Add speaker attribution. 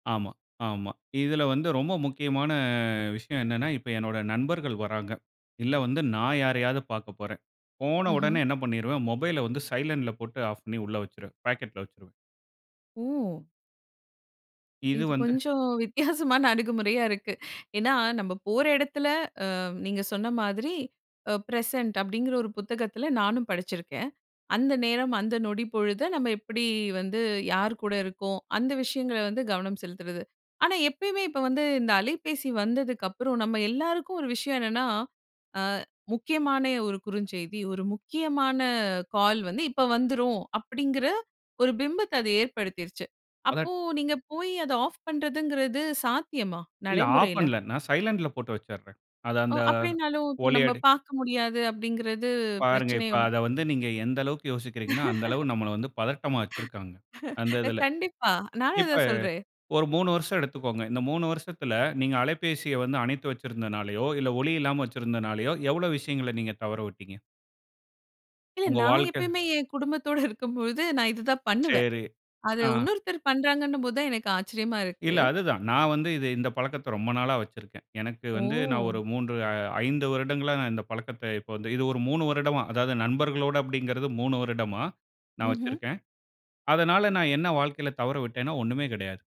Speaker 1: ஆமா, ஆமா. இதில வந்து ரொம்ப முக்கியமான விஷயம் என்னன்னா, இப்ப என்னோட நண்பர்கள் வராங்க. இல்ல வந்து நான் யாரையாது பாக்கப்போறேன். போன உடனே
Speaker 2: ம்ஹம்.
Speaker 1: என்ன பண்ணிருவேன், மொபைல வந்து சைலன்ட்ல போட்டு ஆஃப் பண்ணி உள்ள வெச்சுருவேன். பாக்கெட்ல வெச்சுருவேன்.
Speaker 2: ஓ!
Speaker 1: இது
Speaker 2: இது
Speaker 1: வந்து
Speaker 2: கொஞ்சம் வித்தியாசமான அணுகுமுறையா இருக்கு. ஏன்னா நம்ப போற இடத்தில அ நீங்க சொன்ன மாதிரி அ பிரசன்ட் அப்படிங்கிற ஒரு புத்தகத்தில நானும் படிச்சிருக்கிறேன். அந்த நேரம், அந்த நொடி பொழுத நம்ப எப்படி வந்து, யார் கூட இருக்கோம். அந்த விஷயங்கள வந்து கவனம் செலுத்துறது. ஆனா எப்பயுமே, இப்ப வந்து இந்த அலைபேசி வந்ததுக்கு அப்புறம் நம்ப எல்லாருக்கும் ஒரு விஷயம் என்னன்னா, அ முக்கியமான ஒரு குறுஞ்செய்தி, ஒரு முக்கியமான கால் வந்து, இப்ப வந்துரும். அப்படிங்கிற ஒரு பிம்பத்த அது ஏற்படுத்திருச்சு.
Speaker 1: [unintelligible]
Speaker 2: அப்போ, நீங்க போய் அத ஆஃப் பண்றதுங்கிறது சாத்தியமா?
Speaker 1: இல்ல ஆஃப்
Speaker 2: நடைமுறையில?
Speaker 1: பண்ணல. நான் சைலன்ட்ல போட்டு வெச்சுரேன். அது
Speaker 2: ஒ,
Speaker 1: அந்த
Speaker 2: அப்படினாலும் "நம்ம
Speaker 1: [unintelligible]
Speaker 2: பார்க்க முடியாது" அப்படிங்கிறது
Speaker 1: பாருங்க, இப்ப
Speaker 2: பிரச்சனையோ?
Speaker 1: அத வந்து நீங்க எந்த அளவுக்கு யோசிக்கிறீங்கன்னா, அந்த அளவு நம்பள வந்து பதட்டமா வெச்சுருக்காங்க! அந்த
Speaker 2: அ
Speaker 1: இதில.
Speaker 2: கண்டிப்பா! நானும்
Speaker 1: இப்ப,
Speaker 2: அதான் சொல்றேன்.
Speaker 1: ஒரு 3 வருஷம் எடுத்துக்கோங்க. இந்த 3 வருஷத்தில நீங்க அலைபேசிய வந்து அணைத்து வைத்திருந்தனாலயோ, இல்ல ஒலி இல்லாமல வச்சிருந்தனாலயோ, எவ்ளோ விஷயங்கள நீங்க தவற விட்டீங்க?
Speaker 2: இல்ல
Speaker 1: உங்க
Speaker 2: நான்
Speaker 1: வாழ்க்க
Speaker 2: எப்பயுமே என் குடும்பத்தோட இருக்கும்போது, நான் இதுதான் பண்ணுவேன்.
Speaker 1: சரி,
Speaker 2: அது
Speaker 1: அ.
Speaker 2: வுன்னொருத்தர் பண்றாங்கன்னும் போது தான், எனக்கு ஆச்சரியமா இருக்கு!
Speaker 1: இல்ல அதுதான், நான் வந்து இது இந்த பழக்கத்த ரொம்ப நாளா வெச்சுருக்கேன். எனக்கு வந்து நான் ஒரு
Speaker 2: ஓ!
Speaker 1: 3, 5 வருடங்களா இந்த பழக்கத்த இப்ப வந்து, இது ஒரு 3 வருடமா, அதாவது நண்பர்களோட அப்படிங்கிறது 3 வருடமா, நான்
Speaker 2: ம்ஹம்.
Speaker 1: வெச்சுருக்கேன். அதனால, நான் என்ன வாழ்க்கைல தவற விட்டேன்னா, ஒன்னுமே கிடையாது.